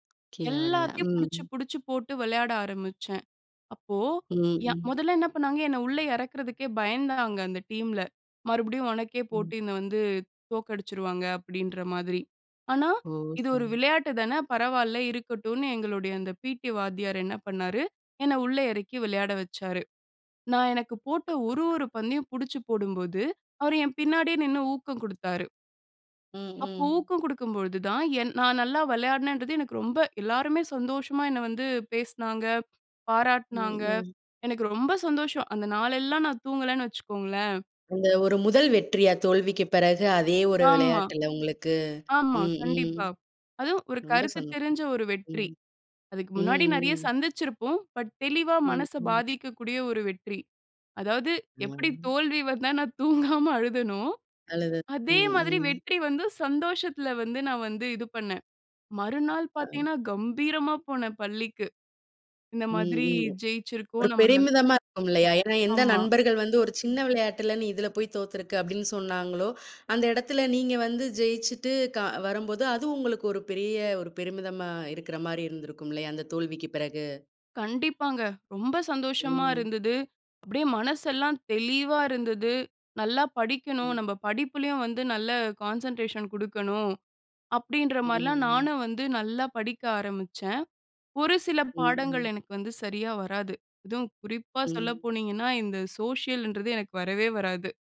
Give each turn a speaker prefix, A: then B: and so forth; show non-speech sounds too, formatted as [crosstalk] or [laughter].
A: கீழ விடல.
B: எல்லாத்தையும்
A: ம்.
B: புடிச்சுப் புடிச்சுப் போட்டு, விளையாட ஆரம்பிச்சேன். அப்போ,
A: ம்,
B: யா
A: ம்.
B: முதல்ல என்ன பண்ணாங்க! என்ன உள்ள இறக்கறதுக்கே பயந்தாங்க, அந்த டீம்ல. "மறுபடியும் உனக்கே
A: ம்.
B: போட்டினு வந்து தோக்கடிச்சருவாங்க." அப்பிடீன்ற மாரி. ஆனா,
A: ஓ,
B: இது ஒரு
A: சரி.
B: விளையாட்டு தான. பரவால்ல. இருக்கட்டுன்னு. எங்களுடைய அந்த பிடி வாத்தியார் என்ன பண்ணாரு? என்ன உள்ள இறக்கி விளையாட வச்சாரு. நான், எனக்கு போட்ட ஒரு ஒரு பந்தையும் புடிச்சு போடும்போது, அவரு என் பின்னாடியே நின்னு ஊக்கம் குடுத்தாரு.
A: ம்,
B: அப்ப
A: ம்.
B: ஊக்கம் குடுக்கும் பொழுது தான், என் நான் நல்லா வெளையாடுனேன்றது எனக்கு ரொம்ப எல்லாருமே சந்தோஷமா என்னை வந்து பேசுனாங்க, பாராட்டுனாங்க,
A: ம், ம்.
B: எனக்கு ரொம்ப சந்தோஷம்! அந்த நாளெல்லாம் நான் தூங்கலன்னு வச்சுக்கோங்களேன்.
A: உங்க ஒரு முதல் வெற்றியா? தோல்விக்கு பிறகு, அதே ஒரு
B: ஆமா.
A: வெளயாட்டுல உங்களுக்கு?
B: ஆமா.
A: ம், ம்.
B: கண்டிப்பா. அதுவும் ஒரு
A: [smacks lips] ரொம்ப
B: கருத்து
A: சந்தோஷம்.
B: தெரிஞ்ச ஒரு வெற்றி.
A: ம்.
B: அதுக்கு
A: ம்,
B: முன்னாடி நிறைய
A: ம்.
B: சந்திச்சிருப்போம். பட் தெளிவா
A: ம்,
B: மனச
A: ம்.
B: பாதிக்கக்கூடிய ஒரு வெற்றி. அதாவது எப்பிடி
A: ம்.
B: தோல்வி வந்தா, நான் தூங்காம [chuckles] அழுதனோ,
A: அழுதது, ம்,
B: அதே மாதிரி
A: ம்.
B: வெற்றி வந்து, சந்தோஷத்தல வந்து நான் வந்து, இது பண்ணேன். மறுநாள்
A: ஆ.
B: பாத்தீங்கன்னா, கம்பீரமா போனேன் பள்ளிக்கு. இந்த
A: ம்,
B: மாதிரி
A: ம்.
B: ஜெயிச்சிருக்கோம்,
A: ஒரு
B: நம்ம ந
A: பெருமிதமா இருக்கும், இல்லையா? ஏன்னா, எந்த
B: ஆமா.
A: நண்பர்கள் வந்து, ஒரு சின்ன விளையாட்டில, "நீ இதில போய் தோத்திருக்க." அப்டின்னு சொன்னாங்களோ, அந்த இடத்தில நீங்க வந்து ஜெய்ச்சிட்டு கா வரும்போது அது உங்களுக்கு ஒரு பெரிய ஒரு பெருமிதமா இருக்குற மாரி இருந்திருக்கும் இல்லையா, அந்த தோல்விக்கு பிறகு?
B: கண்டிப்பாங்க! ரொம்ப சந்தோஷமா
A: ம்.
B: இருந்தது. அப்டியே மனசெல்லாம் தெளிவா இருந்தது. நல்லா படிக்கணும்.
A: ம்.
B: நம்ப படிப்புலையும் வந்து நல்ல கான்சன்ட்ரேஷன் குடுக்கணும். அப்பிடின்ற
A: ம்,
B: மாரிலாம்,
A: ம்.
B: நானும் வந்து நல்லா படிக்க ஆரம்பிச்சேன். ஒரு சில
A: ம்,
B: பாடங்கள்,
A: ம்.
B: எனக்கு வந்து சரியா வராது. அதுவும் குறிப்பா சொல்ல
A: ம்.
B: போனீங்கன்னா, இந்த சோஷியலுன்றது எனக்கு வரவே வராது.